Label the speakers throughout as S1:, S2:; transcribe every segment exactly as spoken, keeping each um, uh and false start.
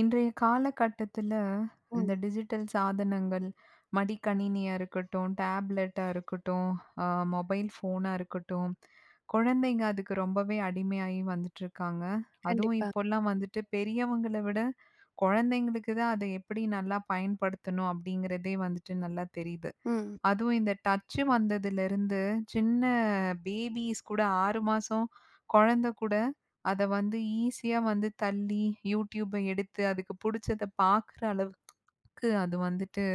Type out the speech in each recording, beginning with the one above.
S1: இன்றைய காலகட்டத்தில, இந்த
S2: ம்.
S1: டிஜிட்டல் சாதனங்கள் மடிக்கணினியா இருக்கட்டும், டேப்லெட்டா இருக்கட்டும், அ மொபைல் ஃபோனா இருக்கட்டும், குழந்தைங்க அதுக்கு ரொம்பவே அடிமையாயி வந்துட்டிருக்காங்க. அதுவும்
S2: கண்டிப்பா.
S1: இப்போல்லாம் வந்துட்டு பெரியவங்கள விட குழந்தைங்களுக்கு தான், அதை எப்பிடி நல்லா பயன்படுத்தணும் அப்பிடிங்கிறதே வந்துட்டு நல்லா தெரியுது.
S2: ம்.
S1: அதுவும் இந்த டச்சு வந்ததிலிருந்து சின்ன பேபீஸ் கூட ஆறு மாசம் குழந்தை கூட அத வந்து ஈஸியா வந்து தள்ளி, யூடியூப்பை எடுத்து அதுக்கு பிடிச்சத பார்க்குற அளவு க்கு அது வந்துட்டு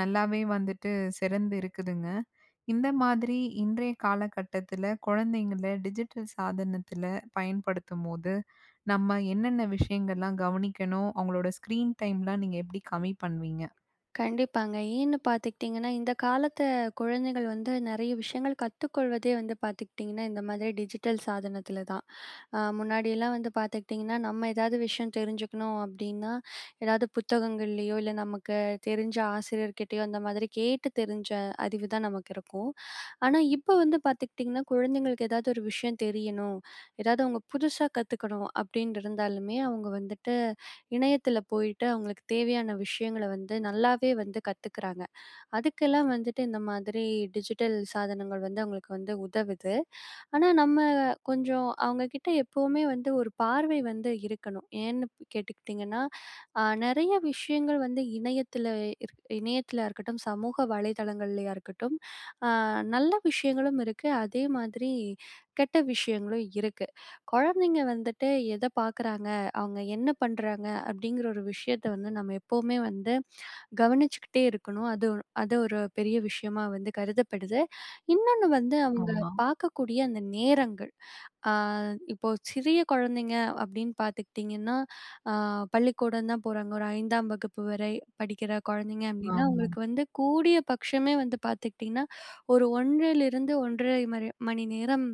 S1: நல்லாவே வந்துட்டு சிறந்து இருக்குதுங்க. இந்த மாதிரி இன்றைய காலகட்டத்தில, குழந்தைங்களை டிஜிட்டல் சாதனத்தில பயன்படுத்தும்போது, நம்ம என்னென்ன விஷயங்கள்லாம் கவனிக்கணும்? அவுங்களோட ஸ்கிரீன் டைம்லாம் நீங்க எப்பிடி கம்மி பண்ணுவீங்க?
S2: கண்டிப்பாங்க. ஏன்னு பார்த்துக்கிட்டீங்கன்னா, இந்த காலத்த குழந்தைகள் வந்து நிறைய விஷயங்கள் கத்துக்கொள்வதே வந்து பார்த்துக்கிட்டீங்கன்னா, இந்த மாதிரி டிஜிட்டல் சாதனத்தில தான். அ முன்னாடியெல்லாம் வந்து பார்த்துக்கிட்டீங்கன்னா, நம்ம ஏதாவது விஷயம் தெரிஞ்சுக்கணும் அப்பிடின்னா, எதாவது புத்தகங்கள்லயோ! இல்ல நமக்கு தெரிஞ்ச ஆசிரியர்கிட்டேயோ அந்த மாதிரி கேட்டு தெரிஞ்ச அறிவு தான் நமக்கு இருக்கும். ஆனா இப்போ வந்து பார்த்துக்கிட்டீங்கன்னா, குழந்தைங்களுக்கு எதாவது ஒரு விஷயம் தெரியணும், எதாவது அவுங்க புதுசா கத்துக்கணும், அப்பிடின்ட்டிருந்தாலுமே அவுங்க வந்துட்டு இணையத்தில போயிட்டு, அவுங்களுக்கு தேவையான விஷயங்கள வந்து நல்லாவே வந்து கத்துக்கிறாங்க. அதுக்கெல்லாம் வந்துட்டு இந்த மாதிரி டிஜிட்டல் சாதனங்கள் வந்து அவுங்களுக்கு வந்து உதவுது. ஆனா, நம்ம கொஞ்சம் அவுங்க கிட்ட எப்பவுமே வந்து ஒரு பார்வை வந்து இருக்கணும். ஏன்னு ப் கேட்டுக்கிட்டீங்கன்னா, அ நிறைய விஷயங்கள் வந்து இணையத்தில இரு இணையத்திலயா இருக்கட்டும், சமூக வலைதளங்கள்லயா இருக்கட்டும், அ நல்ல விஷயங்களும் இருக்கு, அதே மாதிரி கெட்ட விஷயங்களும் இருக்கு. குழந்தைங்க வந்துட்டு எதை பார்க்குறாங்க, அவுங்க என்ன பண்றாங்க அப்பிடிங்கிற ஒரு விஷயத்த வந்து நம்ம எப்பவுமே வந்து, கவனிச்சுக்கிட்டே இருக்கணும். அத ஒ அத ஒரு பெரிய விஷயமா வந்து கருதப்படுது. இன்னொண்ணு வந்து அவுங்க
S1: ஆமா.
S2: பார்க்கக்கூடிய அந்த நேரங்கள், அ இப்போ சிறிய குழந்தைங்க அப்பிடின்னு பார்த்துக்கிட்டீங்கன்னா, அ பள்ளிக்கூடம் தான் போறாங்க. ஒரு ஐந்தாம் வகுப்பு வரை படிக்கிற குழந்தைங்க அப்பிடின்னா,
S1: ஆமா.
S2: உங்களுக்கு வந்து கூடிய பட்சமே வந்து பார்த்துக்கிட்டஙகன்னா, ஒரு ஒன்றிலிருந்து ஒன்றரை மரி மணி நேரம்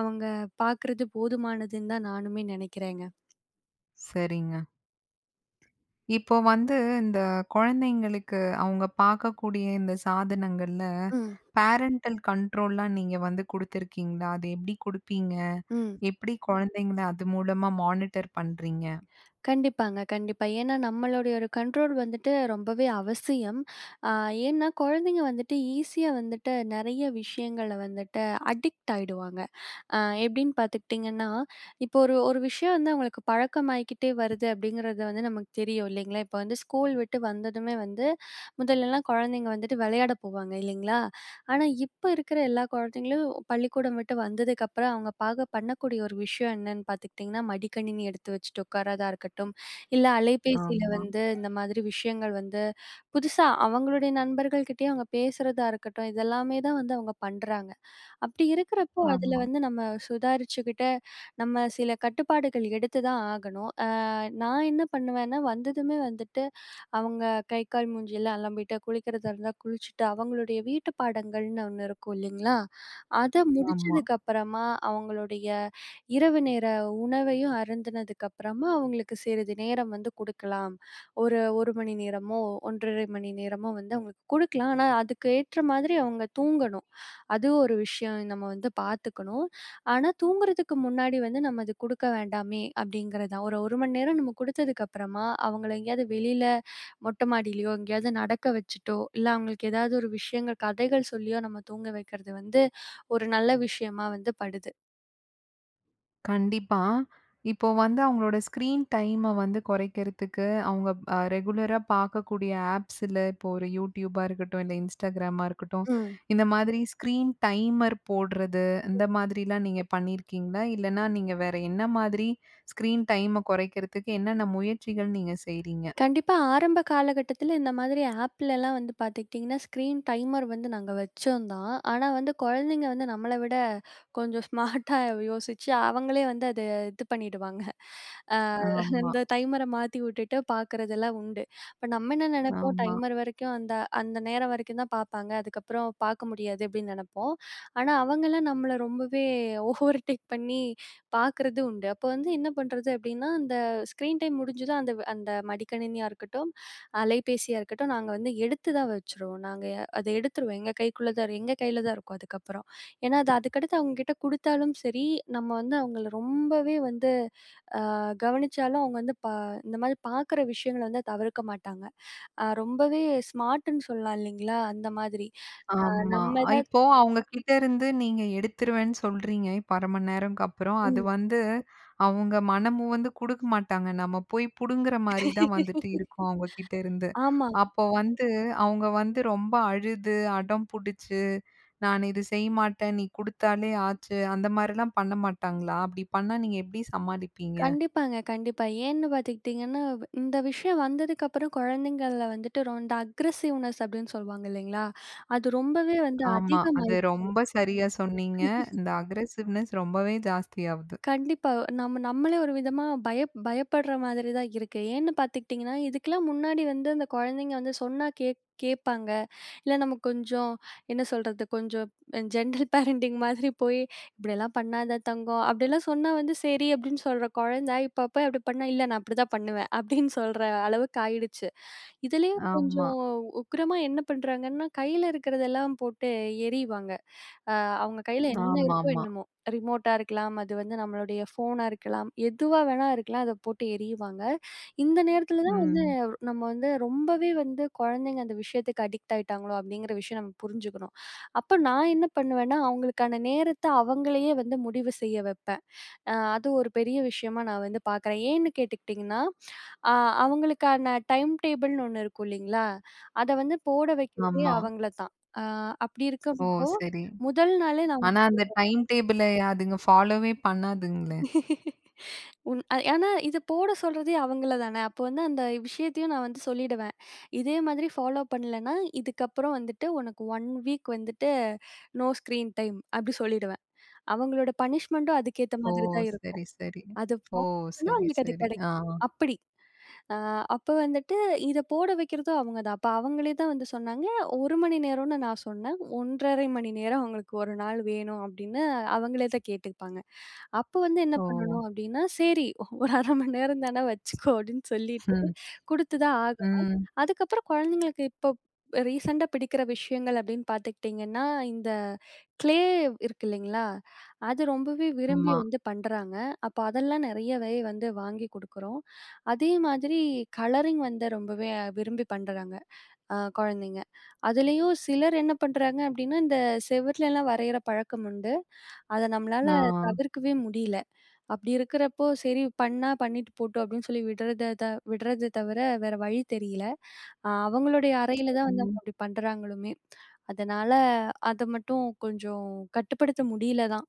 S2: அவுங்க பார்க்குறது போதுமானதுன்னு தான் நானுமே நினைக்கிறேங்க.
S1: சரிங்க. இப்போ வந்து, இந்த குழந்தைங்களுக்கு அவுங்க பார்க்கக்கூடிய, இந்த சாதனங்கள்ல,
S2: ம்.
S1: பேரன்டல் கண்ட்ரோல்லாம் நீங்க வந்து குடுத்துருக்கீங்களா? அது எப்படி குடுப்பீங்க?
S2: ம்.
S1: எப்படி குழந்தைங்கள அது மூலமா மானிட்டர் பண்றீங்க?
S2: கண்டிப்பாங்க. கண்டிப்பா. ஏன்னா நம்மளுடைய ஒரு கண்ட்ரோல் வந்துட்டு ரொம்பவே அவசியம். அ ஏன்னா, குழந்தைங்க வந்துட்டு, ஈஸியா வந்துட்டு, நெறைய விஷயங்கள வந்துட்டு அடிக்ட் ஆயிடுவாங்க. அ எப்படீன்னு பார்த்துக்கிட்டீங்கன்னா, இப்போ ஒரு ஒரு விஷயம் வந்து அவங்களுக்கு பழக்கமாயிக்கிட்டே வருது, அப்படீங்கிறது வந்து நமக்கு தெரியும், இல்லைங்களா? இப்ப வந்து ஸ்கூல் விட்டு வந்ததுமே வந்து, முதல்லலாம் குழந்தைங்க வந்துட்டு வெளையாட போவாங்க, இல்லைங்களா? ஆனா இப்ப இருக்குற எல்லா குழந்தைங்களும் பள்ளிக்கூடம் விட்டு வந்ததுக்கப்புறம் அவுங்க பார்க்க பண்ணக்கூடிய ஒரு விஷயம் என்னன்னு பார்த்துக்கிட்டீங்கன்னா, மடிக்கணினி எடுத்து வச்சுட்டு உட்காரதா இருக்கட்டும், இல்ல அலைபேசில
S1: ஆமா.
S2: வந்து, இந்த மாதிரி விஷயங்கள் வந்து, புதுசா அவுங்களுடைய நண்பர்கள் கிட்டேயும் அவுங்க பேசுறதா இருக்கட்டும், இதெல்லாமே தான் வந்து அவுங்க பண்ணுறாங்க. அப்படி இருக்கிறப்போ, அதுல
S1: ஆமா.
S2: வந்து நம்ம சுதாரிச்சுக்கிட்டு, நம்ம சில கட்டுப்பாடுகள் எடுத்து தான் ஆகணும். அ நான் என்ன பண்ணுவேன்னா வந்ததுமே வந்துட்டு அவுங்க கை, கால் மூஞ்சில்லாம் அலம்பிட்டு, குளிக்கிறதா இருந்தா குளிச்சுட்டு, அவங்களுடைய வீட்டு பாடங்கள்னு ஒண்ணு இருக்கும், இல்லைங்களா? அதை
S1: ஆமா.
S2: முடிச்சதுக்கப்பறமா, அவுங்களுடைய இரவு நேர உணவையும் அருந்துனதுக்கப்பறமா, அவங்களுக்கு சிறிது நேரம் வந்து குடுக்கலாம். ஒரு ஒரு மணி நேரமோ, ஒன்றரை மணி நேரமோ வந்து, அவங்களுக்கு குடுக்கலாம். ஆனா அதுக்கு ஏற்ற மாதிரி அவுங்க தூங்கணும். அதுவும் ஒரு விஷயம், நம்ம வந்து பார்த்துக்கணும். ஆனா தூங்குறதுக்கு முன்னாடி வந்து, நம்ம அது குடுக்க வேண்டாமே அப்படிங்குறது தான். ஒரு ஒரு மணி நேரம் நம்ம குடுத்ததுக்கு அப்புறமா, அவங்கள எங்கேயாவது வெளில மொட்டை மாடிலயோ, எங்கேயாவது நடக்க வச்சுட்டோ, இல்ல அவங்களுக்கு ஏதாவது ஒரு விஷயங்கள், கதைகள் சொல்லியோ, நம்ம தூங்க வைக்கிறது வந்து, ஒரு நல்ல விஷயமா வந்து படுது.
S1: கண்டிப்பா. இப்ப வந்து அவங்களோட ஸ்க்ரீன் டைம்ம வந்து குறைக்கிறதுக்கு, அவங்க ப அ ரெகுலரா பார்க்கக்கூடிய ஆப்ஸில இப்போ ஒரு YouTubeஆ இருக்கட்டும், இல்லை Instagramஆ இருக்கட்டும்,
S2: ம்.
S1: இந்த மாதிரி ஸ்க்ரீன் டைமர் போடுறது இந்த மாதிரில்லாம் நீங்க பண்ணியிருக்கீங்களா? இல்லைனா நீங்க வேறு என்ன மாதிரி ஸ்க்ரீன் டைம்ம குறைக்கிறதுக்கு என்னென்ன முயற்சிகள் நீங்க செய்றீங்க?
S2: கண்டிப்பா, ஆரம்ப காலகட்டத்தில இந்த மாதிரி ஆப்லல்லாம் வந்து பார்த்துக்கிட்டீங்கன்னா, ஸ்க்ரீன் டைமர் வந்து நாங்க வச்சோம் தான். ஆனா வந்து குழந்தைங்க வந்து, நம்மள விட கொஞ்சம் ஸ்மார்ட்டா யோசிச்சு, அவங்களே வந்து அதை இது பண்ணிடுவாங்க. அ
S1: ஆம்மா.
S2: இந்த டைமரை மாத்தி விட்டுட்டு பார்க்குறதெல்லாம் உண்டு. இப்போ நம்ம என்ன நினைப்போம்,
S1: ஆமா.
S2: "டைமர் வரைக்கும் அந்த அந்த நேரம் வரைக்கும் தான் பார்ப்பாங்க, அதுக்கப்புறம் பார்க்க முடியாது." அப்படின்னு நினைப்போம். ஆனா அவங்கெல்லாம் நம்மள ரொம்பவே ஓவர்டேக் பண்ணி பார்க்குறதும் உண்டு. அப்போ வந்து என்ன பண்ணுறது அப்படின்னா, அந்த ஸ்க்ரீன் டைம் முடிஞ்சதும் அந்த-அந்த மடிக்கணினியா இருக்கட்டும், அலைபேசியா இருக்கட்டும் நாங்க வந்து எடுத்து தான் வச்சுருவோம். நாங்க அதை எடுத்துருவோம். எங்க கைக்குள்ள தான் எங்க கையில தான் இருக்கும் அதுக்கப்புறம். ஏன்னா அது அதுக்கடுத்து அவங்க கிட்ட குடுத்தாலும் சரி, நம்ம வந்து அவங்களை ரொம்பவே வந்து அ கவனிச்சாலும், அவங்க வந்து ப இந்த மாதிரி பார்க்குற விஷயங்களை வந்து தவிர்க்க மாட்டாங்க. ரொம்பவே ஸ்மார்டுன்னு சொல்லலாம், இல்லிங்களா? அந்த மாதிரி. அ
S1: ஆம்மா.
S2: நம்ம தான்
S1: இப்போ அவங்ககிட்ட இருந்து நீங்க எடுத்துருவேன்னு சொல்றீங்க, இப்போ அரை மணி நேரம்க்கு அப்புறம். அது
S2: ம்.
S1: வந்து அவங்க மனமுவந்து குடுக்க மாட்டாங்க. நம்ம போய் புடுங்குற மாரி தான் வந்துட்டு இருக்கும் அவங்க கிட்டருந்து.
S2: ஆமா.
S1: அப்போ வந்து அவங்க வந்து ரொம்ப அழுது, அடம் பிடிச்சு "நான் இது செய்யமாட்டேன்! நீ குடுத்தாலே ஆச்சு." அந்த மாரிலாம் பண்ண மாட்டாங்களா? அப்படி பண்ணா நீங்க எப்படி சமாளிப்பீங்க?
S2: கண்டிப்பாங்க, கண்டிப்பா. ஏன்னு பார்த்துக்கிட்டீங்கன்னா, இந்த விஷயம் வந்ததுக்கப்புறம் குழந்தைங்கள்ல வந்துட்டு ரொ இந்த அக்ரஸிவ்னஸ் அப்படின்னு சொல்லுவாங்க இல்லைங்களா? அது ரொம்பவே வந்து
S1: ஆமா. அது
S2: அதிகமாயிருச்சு.
S1: ரொம்ப சரியா சொன்னீங்க. இந்த அக்ரஸிவ்னஸ் ரொம்பவே ஜாஸ்தி ஆவுது.
S2: கண்டிப்பா. நம்ம நம்மளே ஒரு விதமா பய பயப்படுற மாதிரி தான் இருக்கு. ஏன்னு பார்த்துக்கிட்டீங்கன்னா, இதுக்கெல்லாம் முன்னாடி வந்து அந்த குழந்தைங்க வந்து சொன்னா கே கேட்பாங்க. இல்லை நமக்கு கொஞ்சம் என்ன சொல்றது? கொஞ்சம் ஜெனரல் பேரண்டிங் மாதிரி போய், "இப்படியெல்லாம் பண்ணாத தங்கம்." அப்படியெல்லாம் சொன்னா வந்து, "சரி!" அப்படின்னு சொல்ற குழந்தை, இப்ப போய் அப்படி பண்ணா, "இல்லை. நான் அப்படிதான் பண்ணுவேன்." அப்படின்னு சொல்ற அளவுக்கு ஆயிடுச்சு. இதுலேயும்
S1: ஆமா.
S2: கொஞ்சம் உக்கிரமா என்ன பண்றாங்கன்னா, கையில இருக்கிறதெல்லாம் போட்டு எறிவாங்க. அவங்க கையில என்ன இருக்கோ,
S1: ஆமாமா.
S2: என்னமோ. ரிமோட்டா இருக்கலாம், அது வந்து நம்மளுடைய ஃபோனா இருக்கலாம், எதுவா வேணா இருக்கலாம் அதை போட்டு எறியுவாங்க. இந்த நேரத்தில தான் வந்து,
S1: ம்.
S2: நம்ம வந்து ரொம்பவே வந்து குழந்தைங்க அந்த விஷயத்துக்கு அடிக்ட் ஆயிட்டாங்களோ அப்படிங்கிற விஷயம் நம்ம புரிஞ்சுக்கணும். அப்போ நான் என்ன பண்ணுவேன்னா, அவங்களுக்கான நேரத்தை அவங்களையே வந்து முடிவு செய்ய வைப்பேன். அ அது ஒரு பெரிய விஷயமா நான் வந்து பார்க்குறேன். ஏன்னு கேட்டுக்கிட்டீங்கன்னா, அ அவங்களுக்கான டைம் டேபிள்ன்னு ஒண்ணு இருக்கும் இல்லிங்களா, அதை வந்து போட வைக்கிறதே
S1: ஆமா.
S2: அவங்களை தான். அ அப்படி
S1: ஓ!
S2: இருக்கும்போ
S1: சரி.
S2: முதல் நாளே நான்
S1: ஆனா அந்த
S2: [unintelligible]
S1: டைம் டேபிள அதுங்க ஃபாலோவே பண்ணாதுங்களே.
S2: உண் ஏன்னா இதை போட சொல்றதே அவங்களை தானே. அப்போ வந்து அந்த விஷயத்தையும் நான் வந்து சொல்லிடுவேன், "இதேமாதிரி ஃபாலோ பண்ணலைன்னா, இதுக்கப்புறம் வந்துட்டு உனக்கு ஒன் வீக் வந்துட்டு, நோ ஸ்க்ரீன் டைம்" அப்பிடி சொல்லிடுவேன். அவங்களோட பனிஷ்மெண்ட்டும் அதுக்கேத்த
S1: ஓ!
S2: மாதிரி தான்
S1: சரி,
S2: இருக்கும்.
S1: சரி.
S2: அது ஃபா
S1: ஓ!
S2: பண்ணா
S1: சரி,
S2: அவங்களுக்கு அது
S1: சரி, ஆ.
S2: கிடைக்கும் அப்படி. அ அப்போ வந்துட்டு இதை போட வைக்கிறதும் அவங்க தான். அப்போ அவங்களே தான் வந்து சொன்னாங்க ஒரு மணி நேரம்னு நான் சொன்னேன். "ஒன்றரை மணி நேரம் அவங்களுக்கு ஒரு நாள் வேணும்." அப்படின்னு அவங்களே தான் கேட்டுப்பாங்க. அப்போ வந்து என்ன
S1: ஓ!
S2: பண்ணணும் அப்படின்னா, "சரி ஒரு அரை மணி நேரம் தானே வச்சுக்கோ." அப்படின்னு சொல்லிட்டு
S1: ம்.
S2: குடுத்துதான் ஆகணும்.
S1: ம்.
S2: அதுக்கப்புறம் குழந்தைங்களுக்கு இப்போ ரீசெண்டா பிடிக்கிற விஷயங்கள் அப்படின்னு பார்த்துக்கிட்டிங்கன்னா, இந்த க்ளே இருக்கு இல்லைங்களா, அது ரொம்பவே விரும்பி
S1: ம்மா.
S2: வந்து பண்றாங்க. அப்போ அதெல்லாம் நிறையவே வந்து வாங்கி குடுக்குறோம். அதே மாதிரி கலரிங் வந்து ரொம்பவே விரும்பி பண்றாங்க அ குழந்தைங்க. அதுலயும் சிலர் என்ன பண்றாங்க அப்படின்னா, இந்த செவர்லெல்லாம் வரையிற பழக்கம் உண்டு. அதை நம்மளால
S1: ஆ.
S2: தவிர்க்கவே முடியலை. அப்படி இருக்கிறப்போ "சரி! பண்ணா பண்ணிட்டு போட்டும்." அப்படின்னு சொல்லி விடுறத த விடுறத தவிர வேறு வழி தெரியல. அவங்களுடைய அறையில தான் வந்து அவங்க
S1: ம்.
S2: அப்படி பண்ணுறாங்களுமே. அதனால அதை மட்டும் கொஞ்சம் கட்டுப்படுத்த முடியல தான்.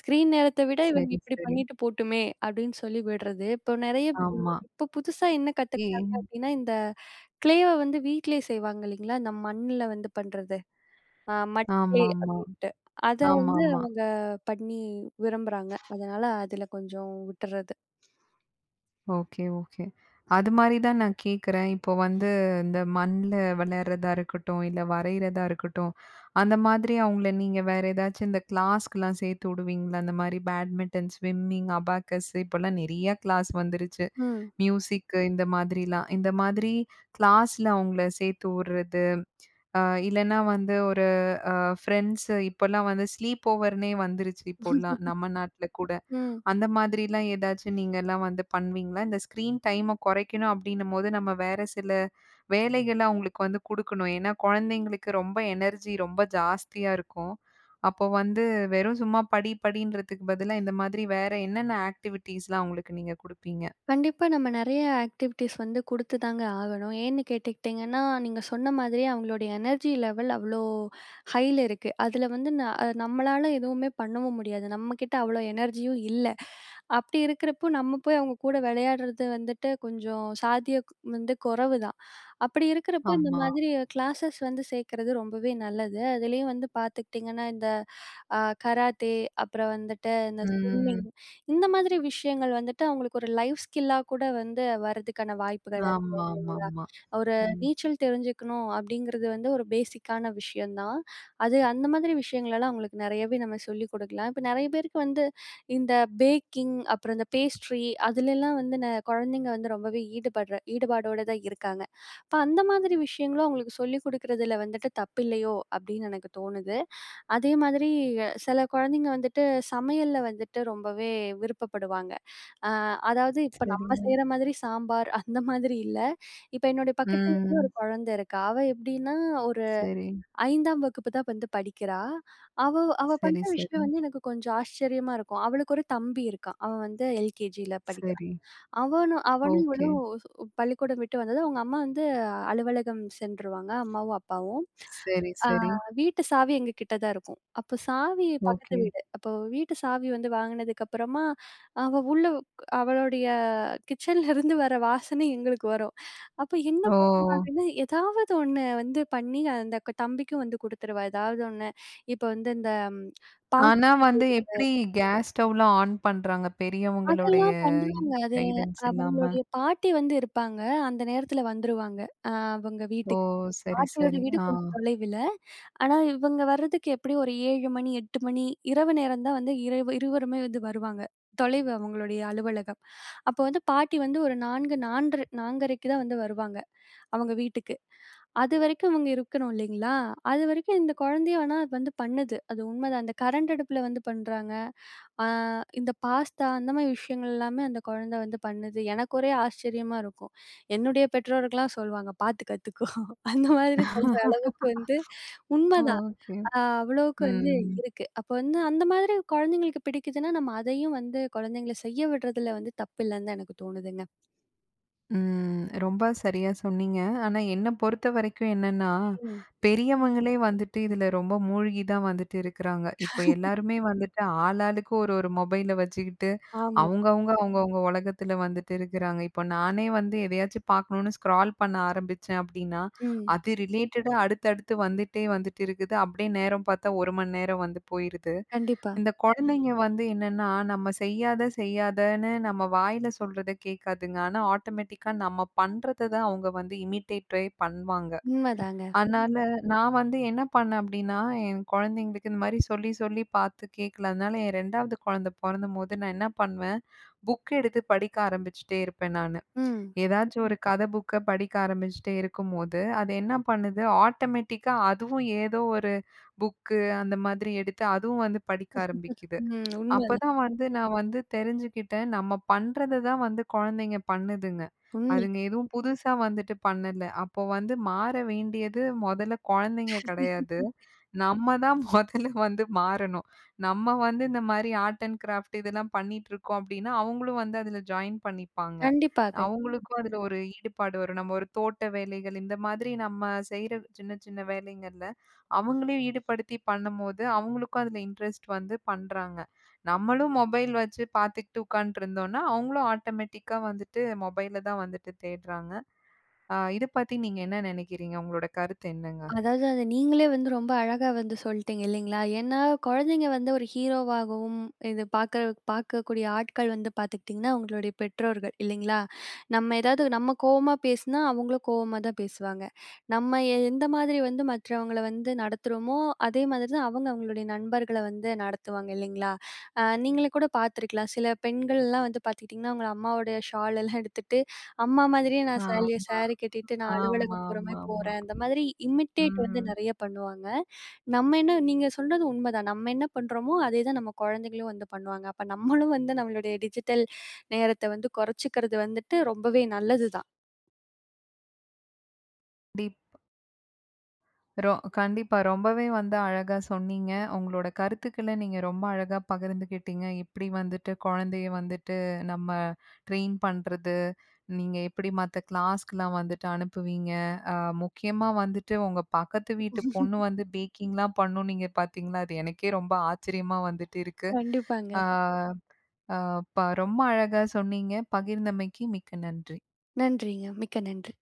S2: "ஸ்க்ரீன் நேரத்தை விட இவங்க
S1: சரி,
S2: இப்படி
S1: சரி.
S2: பண்ணிட்டு போட்டுமே." அப்படின்னு சொல்லி விடுறது. இப்போ நிறைய
S1: ஆமா.
S2: [unintelligible] இப்போ புதுசா என்ன கத்துக்கிட்டாங்க
S1: ஏன்?
S2: அப்படினா, இந்த க்ளேவை வந்து வீட்டிலயே செய்வாங்க இல்லிங்களா, இந்த மண்ணில வந்து பண்றது அ மட் கிளே
S1: ஆமாமா,
S2: அப்படின்ட்டு. அதை வந்து
S1: ஆமாமா.
S2: அவங்க பண்ணி விரும்புறாங்க. அதனால அதுல கொஞ்சம் விட்டுறது.
S1: ஓகே. ஓகே. அது மாரி தான் நான் கேக்குறேன். இப்போ வந்து இந்த மண்ல வெலார்றதா இருக்கட்டும், இல்ல வரையிறதா இருக்கட்டும், அந்த மாதிரி அவங்கள நீங்க வேற ஏதாச்சும் இந்த கிளாஸ்க்குலாம், சேர்த்து வுடுவீங்களா? அந்த மாதிரி பேட்மிட்டன், ஸ்விம்மிங், அபாக்கஸ்ஸு, இப்போலாம் நிறைய கிளாஸ் வந்துருச்சு.
S2: ம்.
S1: மியூசிக்கு இந்த மாதிரிலாம். இந்த மாதிரி கிளாஸ்ல அவுங்கள சேர்த்து வுட்றது, அ இல்லைனா வந்து, ஒரு அ ஃப்ரெண்ட்ஸு இப்போலாம் வந்து ஸ்லீப் ஓவர்னே வந்துருச்சு இப்போலாம், நம்ம நாட்ல கூட.
S2: ம்.
S1: அந்த மாதிரிலாம் ஏதாச்சும் நீங்கலாம் வந்து பண்ணுவீங்களா? இந்த ஸ்க்ரீன் டைம கொறைக்கணும் அப்படின்னும்போது, நம்ம வேற சில வேலைகள அவுங்களுக்கு வந்து குடுக்கணும். ஏன்னா குழந்தைங்களுக்கு ரொம்ப எனர்ஜி, ரொம்ப ஜாஸ்தியா இருக்கும். அப்போ வந்து வெறும் சும்மா படி, படின்றதுக்கு பதிலா, இந்த மாதிரி வேற என்னென்ன ஆக்டிவிட்டீஸ்லாம் அவுங்களுக்கு நீங்க குடுப்பீங்க?
S2: கண்டிப்பா நம்ம நெறைய ஆக்டிவிட்டீஸ் வந்து குடுத்து தாங்க ஆகணும். ஏன்னு கேட்டுகிட்டிங்கன்னா, நீங்க சொன்ன மாதிரியே அவங்களுடைய எனர்ஜி லெவல் அவ்ளோ ஹய்ல இருக்கு. அதில வந்து, ந நம்மளால எதுவுமே பண்ணவும் முடியாது. நம்ம கிட்ட அவ்ளோ எனர்ஜியும் இல்லை. அப்டி இருக்கிறப்போ, நம்ம போய் அவங்க கூட வெளயாடுறது வந்துட்டு கொஞ்சம் சாத்தியக் வந்து கொறவுதான். அப்படி இருக்கறப்போ இந்த
S1: ஆமா.
S2: மாதிரி கிளாஸஸ் வந்து சேர்க்கிறது ரொம்பவே நல்லது. அதிலேயும் வந்து பார்த்துக்கிட்டிங்கன்னா இந்த, அ கராத்தே அப்புறம் வந்துட்டு இந்த ஸ்விம்மிங்,
S1: ம்.
S2: இந்த மாதிரி விஷயங்கள் வந்துட்டு அவங்களுக்கு ஒரு லைஃப் ஸ்கில்லா கூட வந்து, வரதுக்கான வாய்ப்புகள் அதிகம் இல்லைங்களா.
S1: ஆமாமாமா
S2: ஒரு
S1: ம்.
S2: நீச்சல் தெரிஞ்சுக்கணும், அப்படிங்கிறது வந்து ஒரு பேஸிக்கான விஷயந்தான். அது அந்த மாதிரி விஷயங்கள்ளலாம் அவங்களுக்கு நெறயாவே நம்ம சொல்லிக் குடுக்கலாம். இப்ப நெறய பேருக்கு வந்து, இந்த பேக்கிங், அப்புறம் இந்த பேஸ்ட்ரி அதுலலாம் வந்து ந கொழந்தைங்க வந்து ரொம்பவே ஈடுபடுற ஈடுபாடோடு தான் இருக்காங்க. அப்ப அந்த மாதிரி விஷயங்களும், அவங்களுக்கு சொல்லிக் குடுக்குறதில வந்துட்டு, தப்பில்லையோ அப்டின்னு எனக்கு தோணுது. அதே மாதிரி, சில கொழந்தைங்க வந்துட்டு, சமையல்ல வந்துட்டு ரொம்பவே விருப்பப்படுவாங்க. அ அதாவது இப்ப நம்ம
S1: சரிங்க.
S2: செய்ற மாதிரி சாம்பார் அந்த மாதிரி இல்ல. இப்போ என்னோட பக்கத்து வீட்ல ஒரு
S1: ம்.
S2: கொழந்த இருக்கா. அவ எப்டின்னா, ஒரு
S1: சரி.
S2: ஐந்தாம் வகுப்பு தான் வந்து படிக்கிறா. அவ அவ பண்ற
S1: சரி,
S2: விஷயம்
S1: சரி.
S2: வந்து எனக்கு கொஞ்சம் ஆச்சரியமா இருக்கும். அவளுக்கு ஒரு தம்பி இருக்கான். அவன் வந்து எல்கேஜில படிக்கிறான்.
S1: சரி.
S2: அவனும் அவனும் இவளும்
S1: ஓகே.
S2: பள்ளிக்கூடம் விட்டு வந்ததும், அவங்க அம்மா வந்து அலுவலகம் சென்றுருவாங்க அம்மாவும் அப்பாவும்.
S1: சரி
S2: அ
S1: சரி.
S2: வீட்டு சாவி எங்க கிட்ட தான் இருக்கும். அப்போ சாவி, பக்கத்து
S1: ஓகே.
S2: வீடு. அப்போ வீட்டு சாவி வந்து வாங்குனதுக்கப்புறமா, அவ உள்ள அவளுடைய கிச்சன்லருந்து வர வாசனை எங்களுக்கு வரும். அப்போ என்ன
S1: ஓ!
S2: பண்றா அப்படின்னா, எதாவது ஒண்ணு வந்து பண்ணி அந்த தம்பிக்கும் வந்து குடுத்துருவா ஏதாவது ஒண்ணு. இப்போ வந்து இந்த பாஸ்தா
S1: ஆனா வந்து எப்டி
S2: செய்றது,
S1: கேஸ் ஸ்டவ்லாம் ஆன் பண்றாங்க பெரியவங்களுடைய
S2: அதெல்லாம் பண்ணுறாங்க. அது
S1: கைடன்ஸ் இல்லாம?
S2: அவங்களுடைய பாட்டி வந்து இருப்பாங்க. அந்த நேரத்தில வந்துருவாங்க அ அவங்க
S1: ஓ!
S2: வீட்டுக்கு.
S1: சரி,
S2: பாட்டியோட
S1: சரி.
S2: வீடு
S1: ஆ.
S2: கொஞ்சம் தொலைவில. ஆனா இவங்க வரதுக்கு எப்டியும் ஒரு ஏழு மணி, எட்டு மணி, இரவு நேரம் தான் வந்து, இரவு நேரம் தான் இருவருமே வந்து வருவாங்க. தொலைவு அவங்களுடைய அலுவலகம். அப்போ வந்து பாட்டி வந்து, ஒரு நான்கு, நான்ன்று நான்கரைக்கு தான் வந்து வருவாங்க அவங்க வீட்டுக்கு. அது வரைக்கும் இவங்க இருக்கணும் இல்லைங்களா, அது வரைக்கும் இந்த கொழந்தைய வேணா வந்து பண்ணுது. அது உண்மதான். அந்த கரண்ட் அடுப்புல வந்து பண்றாங்க. அ இந்த பாஸ்தா, அந்த மாதிரி விஷயங்கள்ல்லாமே அந்த கொழந்தை வந்து பண்ணுது. எனக்கு ஒரே ஆச்சரியமா இருக்கும். என்னுடைய பெற்றோர்கள்லாம் சொல்லுவாங்க. பார்த்து கத்துக்கோ. அந்த மாதிரி சொல்ற அளவுக்கு வந்து, உண்மதான்.
S1: ஓகே.
S2: அ அவ்ளவுக்கு வந்து
S1: ம்.
S2: இருக்கு. அப்போ வந்து அந்த மாதிரி கொழந்தைங்களுக்கு பிடிக்குதுன்னா, நம்ம அதயும் வந்து கொழந்தைங்கள செய்ய விடுறதில வந்து தப்பு இல்லன் தான் எனக்கு தோணுதுங்க.
S1: ம் ரொம்ப சரியா சொன்னீங்க. ஆனா என்ன பொறுத்தவரைக்கும் என்னன்னா,
S2: ம். [unintelligible]
S1: பெரியவங்களே வந்துட்டு இதுல ரொம்ப மூழ்கி தான் வந்துட்டு இருக்குறாங்க. இப்ப எல்லாருமே வந்துட்டு ஆளாளுக்கு ஒரு ஒரு மொபைல வச்சுக்கிட்டு,
S2: ஆமா.
S1: அவங்க அவங்க, அவங்க அவங்க ஒலகத்துல வந்துட்டு இருக்குறாங்க. இப்போ நானே வந்து எதையாச்சு பாக்கணும்னு ஸ்க்ரால் பண்ண ஆரம்பிச்சேன் அப்படீன்னா,
S2: ம்.
S1: அது ரிலேட்டடா அடுத்தடுத்து வந்துட்டே வந்துட்டு இருக்குது. அப்படியே நேரம் பார்த்தா ஒரு மணி நேரம் வந்து போயிருது.
S2: கண்டிப்பா.
S1: இந்த கொழந்தைங்க வந்து என்னன்னா, நம்ம செய்யாத செய்யாதன்னு நம்ம வாயில சொல்றத கேக்காதுங்க. ஆனா, ஆட்டோமேட்டிக்கா நம்ம பண்றத தான் அவங்க வந்து இமிடேட்டே பண்வாங்க.
S2: உண்மதாங்க.
S1: அதனால நா வந்து என்ன பண்ணேன் அப்டின்னா, என் கொழந்தைங்களுக்கு இந்த மாரி சொல்லி சொல்லி பாத்து கேக்கல. அதனால என் ரெண்டாவது கொழந்த பொறந்தம்போது நான் என்ன பண்ணுவேன், புக் எடுத்து படிக்க ஆரம்பிச்சுட்டே இருப்பேன் நானு.
S2: ம்.
S1: எதாச்சும் ஒரு கதை புக்க படிக்க ஆரம்பிச்சுட்டே இருக்கும்போது, அது என்ன பண்ணுது ஆட்டோமேட்டிக்கா அதுவும் ஏதோ ஒரு புக்கு, அந்த மாதிரி எடுத்து அதுவும் வந்து படிக்க ஆரம்பிக்குது.
S2: ம். உண்மதான்.
S1: அப்பதான் வந்து நா வந்து தெரிஞ்சுகிட்டேன், நம்ம பண்றத தான் வந்து கொழந்தைங்க பண்ணுதுங்க.
S2: உண்ம.
S1: அதுங்க எதுவும் புதுசா வந்துட்டு பண்ணல. அப்ப வந்து மாற வேண்டியது மொதல்ல கொழந்தைங்க கெடையாது, நம்ம தான் மொதல்ல வந்து மாறணும். நம்ம வந்து இந்த மாரி ஆர்ட் அண்ட் கிராஃப்ட் இதெல்லாம் பண்ணிட்டிருக்கோம் அப்படீன்னா, அவங்களும் வந்து அதுல ஜாயின் பண்ணிப்பாங்க.
S2: கண்டிப்பா கய்
S1: அவங்களுக்கும் அதுல ஒரு ஈடுபாடு வரும். நம்ம ஒரு தோட்ட வேலைகள் இந்த மாதிரி நம்ம செய்ற சின்ன சின்ன வேலைங்கள்ல, அவங்களையும் ஈடுபடுத்தி பண்ணும்போது, அவங்களுக்கும் அதுல இன்ட்ரஸ்ட் வந்து பண்றாங்க. நம்மளும் மொபைல் வச்சு பாத்துக்கிட்டு உட்காண்ட்ருந்தோன்னா, அவங்களும் ஆட்டமேட்டிக்கா வந்துட்டு மொபைல தான் வந்துட்டு தேட்றாங்க. அ இத பத்தி நீங்க என்ன நெனைக்கிறீங்க? உங்களோட கருத்து என்னங்க?
S2: அதாவது, அத நீங்களே வந்து ரொம்ப அழகா வந்து சொல்ட்டீங்க, இல்லைங்களா? ஏன்னா, குழந்தைங்க வந்து ஒரு ஹீரோவாகவும் இது பார்க்க பார்க்கக்கூடிய ஆட்கள் வந்து பார்த்துகிட்டீங்கன்னா, அவங்களுடைய பெற்றோர்கள், இல்லைங்களா? நம்ம ஏதாவது நம்ம கோவமா பேசினா, அவங்களும் கோவமா தான் பேசுவாங்க. நம்ம எந்த மாதிரி வந்து மற்றவங்கள வந்து நடத்துறோமோ, அதே மாதிரி தான் அவங்க அவங்களுடைய நண்பர்கள வந்து நடத்துவாங்க, இல்லைங்களா? அ நீங்களே கூட பார்த்திருக்கலாம், சில பெண்கள்ல்லாம் வந்து பார்த்துகிட்டீங்கன்னா, அவங்க அம்மாவோடய ஷாலல்லாம் எடுத்துட்டு, அம்மா மாதிரியே நான் சேலைய
S1: ஆமா.
S2: சேரி கட்டிட்டு, நான் அலுவலகம் போற மாரி
S1: ஆமாமாமா.
S2: போறேன். இந்த மாதிரி இமிடேட் வந்து
S1: ம்.
S2: நெறைய பண்ணுவாங்க. நம்ம என்ன நீங்க சொல்றது உண்மைதான். நம்ம என்ன பண்றோமோ, அதே தான் நம்ம குழந்தைங்களும் வந்து பண்ணுவாங்க. அப்ப நம்மளும் வந்து, நம்மளுடைய டிஜிட்டல் நேரத்தை வந்து குறைச்சுக்கறது வந்துட்டு ரொம்பவே நல்லது தான்.
S1: டீப். ரொ கண்டிப்பா. ரொம்பவே வந்து அழகா சொன்னீங்க. உங்களோட கருத்துக்கள நீங்க ரொம்ப அழகா பகிர்ந்துக்கிட்டீங்க. எப்டி வந்துட்டு கொழந்தைய வந்துட்டு, நம்ம ட்ரெயின் பண்றது, நீங்க எப்பிடி மத்த கிளாஸ்க்குலாம் வந்துட்டு அனுப்புவீங்க. அ முக்கியமா வந்துட்டு, உங்க பக்கத்து வீட்டு பொண்ணு வந்து பேக்கிங்லாம் பண்ணும் நீங்க பாத்தீங்கன்னா, அது எனக்கே ரொம்ப ஆச்சரியமா வந்துட்டு இருக்கு.
S2: கண்டிப்பாங்க.
S1: அ அ ப ரொம்ப அழகா சொன்னீங்க, பகிர்ந்தமைக்கு மிக்க நன்றி.
S2: நன்றிங்க, மிக்க நன்றி.